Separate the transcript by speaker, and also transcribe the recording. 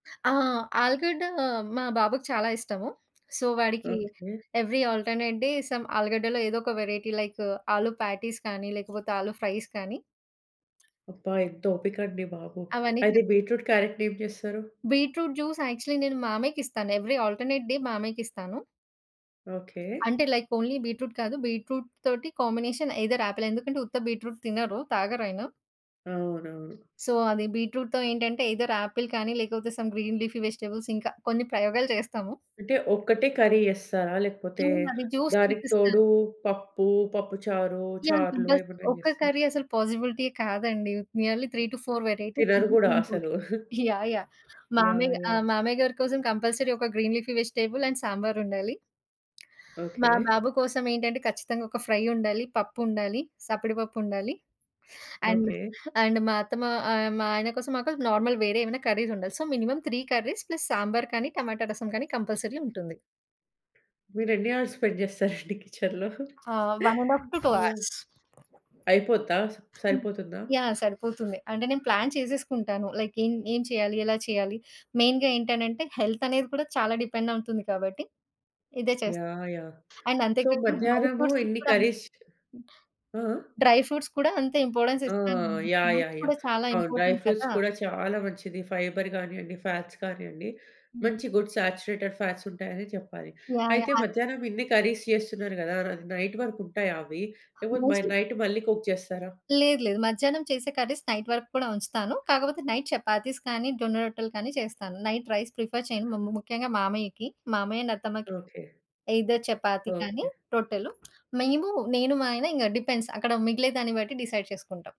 Speaker 1: ఆ! ఆలుగడ్డ మా బాబుకి చాలా ఇష్టము. సో, వాడికి
Speaker 2: okay.
Speaker 1: Every alternate day some ఆలుగడ్డలో ఏదో ఒక వేరైటీ లైక్ ఆలు ప్యాటీస్ కానీ లేకపోతే ఆలు ఫ్రైస్ కానీ
Speaker 2: అబ్బా! ఎంత ఓపికండి బాబు!
Speaker 1: అవన్నీటినా
Speaker 2: అయితే బీట్రూట్, క్యారట్టుని ఏం జేస్తరు?
Speaker 1: బీట్రూట్ జ్యూస్ యాక్చువల్లి నేను మామయ్యకిస్తాను. ఎవ్రీ ఆల్టర్‌నేట్ డే మామయ్యకిస్తాను.
Speaker 2: ఓకే.
Speaker 1: అంటే లైక్ ఓన్లీ బీట్రూట్ కాదు. బీట్రూట్ తోటి కాంబినేషన్ ఐదర్ ఆపిల్ ఎందుకంటే ఉత్త బీట్రూట్ తినరు. తాగరయన.
Speaker 2: అవునవును.
Speaker 1: సో అది బీట్రూట్‌తో ఏంటంటే ఐదర్ ఆపిల్ కానీ లేకపోతే సమ్ గ్రీన్ లీఫీ వెజిటబుల్స్ ఇంకా కొన్ని ప్రయోగాలు చేస్తాము.
Speaker 2: అంటే ఒక్కటే కర్రీ చేస్తారా? లేకపోతే
Speaker 1: హ్మ్. అది జ్యూస్
Speaker 2: దానికి
Speaker 1: తినిపిస్తాను.
Speaker 2: తోడు పప్పు, పప్పు చారు,
Speaker 1: యాహ్!
Speaker 2: చారులు
Speaker 1: కంపల్సరీ.
Speaker 2: ఏమన్నా
Speaker 1: ఒక్క
Speaker 2: జేస్తరా?
Speaker 1: కర్రీ అసలు పాజిబిలిటీ కాదండి! నియర్లీ 3-4 వేరైటీస్
Speaker 2: తినరు
Speaker 1: మినిమం
Speaker 2: గూడా
Speaker 1: ఉంటది.
Speaker 2: అసలు.
Speaker 1: యాహ్! యాహ్!
Speaker 2: యాహ్!
Speaker 1: మామయ్య ఆహ్,
Speaker 2: యాహ్!
Speaker 1: మామయ్య గారి కోసం కంపల్సరీ ఒక గ్రీన్ లీఫీ వెజిటబుల్ అండ్ సాంబారుండాలి. మా
Speaker 2: ఓకే.
Speaker 1: బాబు కోసం ఏంటంటే ఖచ్చితంగా ఒక ఫ్రై ఉండాలి. పప్పుండాలి, సప్పిడి పప్పుండాలి. And,
Speaker 2: okay.
Speaker 1: అండ్ మా అత్తమ్మ ఆహ్, మా ఆయన కోసం మాకు నార్మల్ వేరే ఏమైనా కర్రీస్ ఉండాలి. So, minimum 3 curries plus sambar కానీ, టమాటా రసం కానీ కంపల్సరీ ఉంటుంది.
Speaker 2: మీరు ఎన్ని అవర్స్ స్పెండ్ చేస్తారండి కిచెన్‌లో?
Speaker 1: ఆ! 1:30-2
Speaker 2: యాహ్!
Speaker 1: అవర్స్.
Speaker 2: అయిపోద్దా!
Speaker 1: హ్మ్.
Speaker 2: సరిపోతుందా?
Speaker 1: యాహ్! సరిపోతుంది. అంటే నేను ప్లాన్ చేసేసుకుంటాను. లైక్ ఏం ఏం చేయాలి? ఎలా చేయాలి? మెయిన్‌గా ఏంటనంటే హెల్త్ అనేది కూడా చాలా డిపెండ్ అవుతుంది కాబట్టి ఇదే చేస్తాను.
Speaker 2: యాహ్! యాహ్!
Speaker 1: అండ్ అంతే
Speaker 2: సో,
Speaker 1: కాకుండా డ్రై
Speaker 2: మధ్యాహ్నము
Speaker 1: ఫ్రూట్స్‌కి
Speaker 2: ఇన్ని
Speaker 1: కూడా
Speaker 2: కర్రీస్ ఆ! ఆ!
Speaker 1: డ్రై ఫ్రూట్స్ కూడా అంతే ఇంపార్టెన్స్
Speaker 2: ఆ!
Speaker 1: ఇస్తాననమాట.
Speaker 2: యాహ్!
Speaker 1: Fruits
Speaker 2: yeah! యాహ్!
Speaker 1: కూడా చాలా
Speaker 2: అవును. డ్రై
Speaker 1: ఇంపార్టెంట్
Speaker 2: ఫ్రూట్స్
Speaker 1: కదా!
Speaker 2: కూడా చాలా మంచిది. ఫైబర్ గానియండి, ఫ్యాట్స్ కానియండి
Speaker 1: హ్మ్.
Speaker 2: మంచి గుడ్ సాచురేటెడ్ ఫ్యాట్స్ ఉంటాయనే చెప్పాలి.
Speaker 1: యాహ్!
Speaker 2: అయితే
Speaker 1: యాహ్!
Speaker 2: మధ్యాహ్నం ఇన్ని కర్రీస్ చేస్తున్నారు కదా! ర అది నైట్ వరకు ఉంటాయా అవి? లేకపోతే
Speaker 1: మోస్ట్‌లీ
Speaker 2: నైట్ మళ్ళీ కుక్ చేస్తారా?
Speaker 1: లేదు లేదు. మధ్యాహ్నం చేసే కర్రీస్ నైట్ వరకు కూడా ఉంచుతాను. కాకపోతే నైట్ చపాతీస్ కానీ జొన్న రొట్టెలు కానీ చేస్తాను. నైట్ రైస్ ప్రిఫర్ చేయను. ము ము ముఖ్యంగా మామయ్యకి, మామయ్య అండ్ అత్తమ్మకి.
Speaker 2: ఓకే.
Speaker 1: ఐదర్ చపాతీ కానీ
Speaker 2: ఓకే.
Speaker 1: రొట్టెలు. మేము నేను, మా ఆయన డిపెండ్స్ అక్కడ మిగిలే దాన్ని బట్టి డిసైడ్ చేసుకుంటాం.